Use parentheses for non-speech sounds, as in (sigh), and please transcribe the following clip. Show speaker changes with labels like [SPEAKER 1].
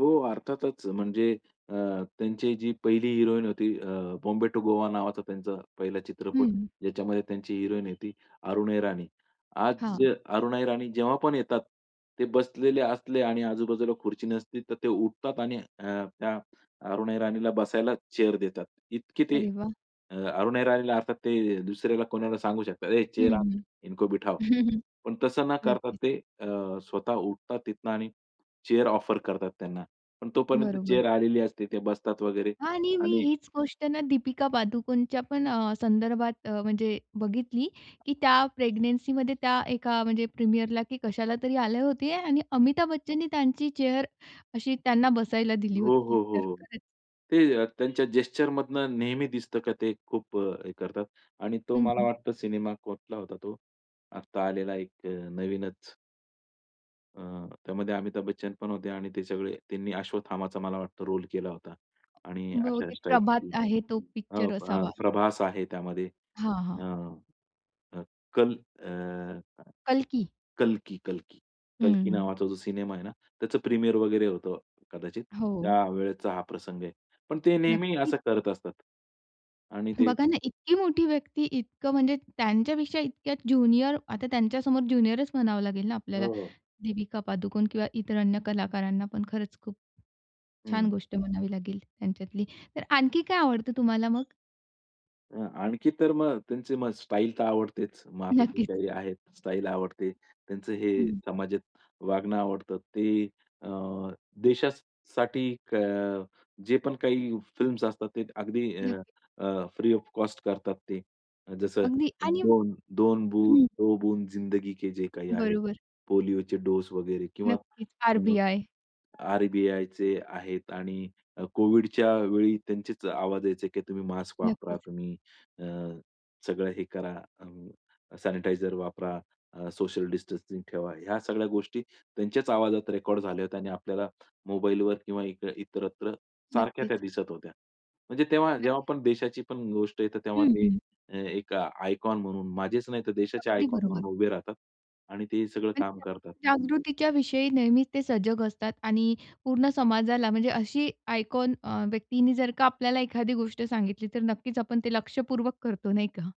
[SPEAKER 1] हो, अर्थातच! म्हणजे अ, त्यांची जी पहिली हिरोईन होती. अ, बॉम्बे टु गोवा नावाचा त्यांचा पहिला
[SPEAKER 2] हं,
[SPEAKER 1] चित्रपट.
[SPEAKER 2] हं.
[SPEAKER 1] ज्याच्यामध्ये त्यांची हिरोईन होती अरुणा ईराणी. आज
[SPEAKER 2] हां.
[SPEAKER 1] अरुणा ईराणी जेव्हा पण येतात. ते बसलेले असले आणि आजूबाजूला खुर्ची नसते, तर ते उठतात आणि अ, त्या अरुणा ईराणीला बसायला चेअर देतात. इतकी ते
[SPEAKER 2] अरे वाह!
[SPEAKER 1] अ, अरुणा ईराणीला, अर्थात ते दुसऱ्याला कोणाला सांगू शकतात, हे
[SPEAKER 2] हं,
[SPEAKER 1] चेअर आण.
[SPEAKER 2] हं.
[SPEAKER 1] इनको बिठाओ.
[SPEAKER 2] (chuckles)
[SPEAKER 1] पण तसं न करता
[SPEAKER 2] नक्कीच.
[SPEAKER 1] ते अ, स्वतः उठतात तिथनं आणि चेअर ऑफर करतात त्यांना. पण तोपर्यंत
[SPEAKER 2] बरोबर.
[SPEAKER 1] चेअर आलेली असते, ते बसतात वगैरे
[SPEAKER 2] आणि मी
[SPEAKER 1] आणि
[SPEAKER 2] हीच गोष्ट ना, दीपिका पादुकोणच्या पण अ, संदर्भात अ, म्हणजे बघितली, की त्या प्रेग्नन्सीमध्ये त्या एका म्हणजे प्रीमियरला, की कशाला तरी आले होते. आणि अमिताभ बच्चननी त्यांची चेअर अशी त्यांना बसायला दिली
[SPEAKER 1] हो,
[SPEAKER 2] होती.
[SPEAKER 1] हो.
[SPEAKER 2] तर
[SPEAKER 1] हो.
[SPEAKER 2] खरंच
[SPEAKER 1] ते त्यांच्या जेस्चरमधनं नेहमी दिसतं का ते खूप अ, हे करतात. आणि तो
[SPEAKER 2] हं,
[SPEAKER 1] मला
[SPEAKER 2] हं.
[SPEAKER 1] वाटतं सिनेमा कुठला होता तो, आता आलेला एक अ, नवीनच? अ, त्यामध्ये अमिताभ बच्चन पण होते आणि ते सगळे त्यांनी अश्वथामाचा मला वाटतं रोल केला होता. आणि अशा
[SPEAKER 2] बहुतेक
[SPEAKER 1] स्टाईलच
[SPEAKER 2] प्रभात
[SPEAKER 1] ते,
[SPEAKER 2] आहे. तो
[SPEAKER 1] अ,
[SPEAKER 2] पिक्चर
[SPEAKER 1] प
[SPEAKER 2] असावा.
[SPEAKER 1] प्रभास आहे त्यामध्ये.
[SPEAKER 2] हां,
[SPEAKER 1] अ,
[SPEAKER 2] हां.
[SPEAKER 1] अ, कल अ,
[SPEAKER 2] कल्की.
[SPEAKER 1] कल्की, कल्की,
[SPEAKER 2] हं,
[SPEAKER 1] कल्की
[SPEAKER 2] हं.
[SPEAKER 1] नावाचा जो सिनेमा आहे ना, त्याचं प्रीमियर वगैरे होतं. कदाचित
[SPEAKER 2] हो.
[SPEAKER 1] त्या वेळेचा हा प्रसंग आहे. पण ते नेहमी
[SPEAKER 2] नक्कीच.
[SPEAKER 1] असं करत असतात. आणि ते
[SPEAKER 2] बघा ना, इतकी मोठी व्यक्ती, इतकं, म्हणजे त्यांच्यापेक्षा इतक्या ज्युनियर, आता त्यांच्या समोर ज्युनियरच म्हणावं लागेल ना आपल्याला,
[SPEAKER 1] हो, हो.
[SPEAKER 2] दिपीका पादुकोण किंवा इतर अन्य कलाकारांना, पण खरंच खूप छान
[SPEAKER 1] हं.
[SPEAKER 2] गोष्ट म्हणावी लागेल त्यांच्यातली. तर आणखी काय आवडतं तुम्हाला मग?
[SPEAKER 1] अ, आणखी तर मग त्यांची स्टाईल तर आवडतेच. मग आता ते
[SPEAKER 2] नक्कीच.
[SPEAKER 1] काही आहेत, स्टाईल आवडते. त्यांचं हे
[SPEAKER 2] हं.
[SPEAKER 1] समाजात वागणं आवडतं. ते अ, देशासाठी क जे पण काही फिल्म्स असतात, ते अगदी अ,
[SPEAKER 2] नक्की.
[SPEAKER 1] अ, फ्री ऑफ कॉस्ट करतात ते. जसं
[SPEAKER 2] अगदी आणि
[SPEAKER 1] 2-2
[SPEAKER 2] हं.
[SPEAKER 1] दो बूंद जिंदगी के. जे काही आहे.
[SPEAKER 2] बरोबर.
[SPEAKER 1] पोलिओचे डोस वगैरे किंवा
[SPEAKER 2] नक्कीच.
[SPEAKER 1] अ,
[SPEAKER 2] आर-बी-आय.
[SPEAKER 1] आर-बी-आय. चे आहेत. आणि अ, कोविडच्या वेळी त्यांचेच आवाज यायचे, की तुम्ही मास्क वापरा,
[SPEAKER 2] नक्कीच.
[SPEAKER 1] तुम्ही अ, सगळं हे करा, अ, सॅनिटायझर वापरा, अ, सोशल डिस्टन्सिंग ठेवा. ह्या सगळ्या गोष्टी त्यांच्याच आवाजात रेकॉर्ड झाल्या होत्या आणि आपल्याला मोबाईलवर किंवा इत्र इतरत्र सारख्या त्या
[SPEAKER 2] नक्कीच.
[SPEAKER 1] दिसत होत्या. म्हणजे तेव्हा, जेव्हा
[SPEAKER 2] नक्की.
[SPEAKER 1] आपण देशाची पण गोष्ट येते तेव्हा
[SPEAKER 2] हं,
[SPEAKER 1] ते
[SPEAKER 2] हं.
[SPEAKER 1] अ, एक आयकॉन म्हणून माझेच नाही, तर देशाचे
[SPEAKER 2] अगदी
[SPEAKER 1] आयकॉन
[SPEAKER 2] बरोबर.
[SPEAKER 1] म्हणून उभे राहतात. आणि ते सगळं
[SPEAKER 2] आणि
[SPEAKER 1] काम करतात.
[SPEAKER 2] त्याच्या जागृतीच्या विषयी नेहमीच ते सजग असतात. आणि पूर्ण समाजाला, म्हणजे अशी आयकॉन अ, व्यक्तीनी जर का आपल्याला एखादी गोष्ट सांगितली, तर नक्कीच आपण ते लक्षपूर्वक करतो नाही का?